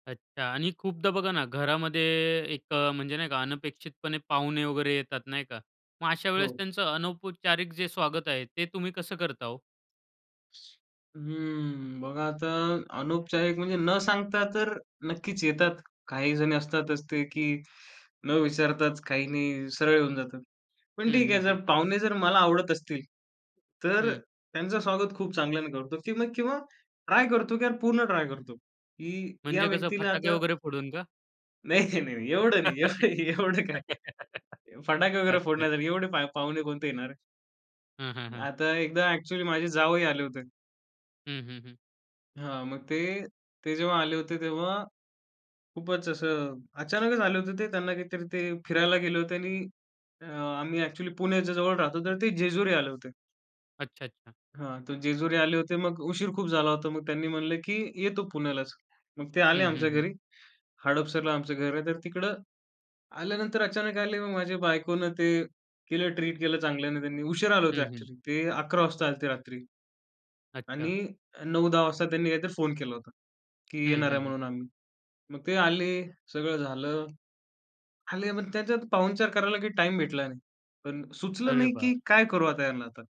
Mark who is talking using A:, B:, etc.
A: अच्छा आणि खूपदा बघा ना घरामध्ये, एक अ, म्हणजे नाही का अनपेक्षितपणे पाहुणे वगैरे येतात नाही का? मग अशा वेळेस
B: हो.
A: त्यांचं अनौपचारिक जे स्वागत आहे ते तुम्ही कसं करता ओ?
B: हं, बघा आता अनौपचारिक, म्हणजे न सांगता तर नक्कीच येतात. काहीजण असतातच ते, की न विचारताच, काही नाही सरळ होऊन जातात. पण
A: हं,
B: ठीक आहे
A: हं, हं.
B: जर पाहुणे जर मला आवडत असतील तर
A: हं.
B: त्यांचं स्वागत खूप चांगल्याने करतो, की मग किंवा ट्राय करतो, की यार पूर्ण ट्राय करतो, की या
A: म्हणजे कसं,
B: व्यक्तीला
A: फटाके
B: आता
A: वगैरे फोडून का?
B: नाही, नाही, नाही. एवढं नाही. य एवढं काय फटाके वगैरे
A: अच्छा,
B: फोडण्यासाठी
A: अच्छा.
B: एवढे पा पाहुणे कोणते येणार?
A: हं, हं, हं.
B: आता एकदा एक्चुअली माझे जावई आले होते.
A: हं, हं, हं.
B: हां, मग ते ते जेव्हा आले होते तेव्हा खूपच असं, अचानकच आले होते ते त्यांना काहीतरी ते फिरायला गेले होते आणि अ, आम्ही एक्चुअली पुण्याच्या जवळ राहतो तर ते जेजुरी आले होते.
A: अच्छा-अच्छा.
B: हां, ते जेजुरी आले होते मग उशीर खूप झाला होता. मग त्यांनी म्हणलं, "की येतो पुण्यालाच." मग ते आले
A: हं, हं,
B: आमच्या
A: हं.
B: घरी. हडपसरला आमचं घर आहे तर तिकडं, आल्यानंतर अचानक आले मग माझ्या बायकोनं ते, केलं ट्रीट केलं चांगल्याने त्यांनी. उशिरा आले होते
A: हं, हं.
B: एक्चुअली, ते 11 वाजता आलते रात्री. आणि
A: अच्छा.
B: अ, 9-10 वाजता त्यांनी काहीतरी फोन केला होता, की
A: हं,
B: येणार
A: हं,
B: आहे
A: हं.
B: म्हणून आम्ही. मग ते आले, सगळं झालं. आले मग त्याच्यात पाहुणचार करायला काही टाईम भेटला नाही. पण सुचलं
A: अरे
B: नाही, की
A: बाप!
B: काय करू आता यांना आता.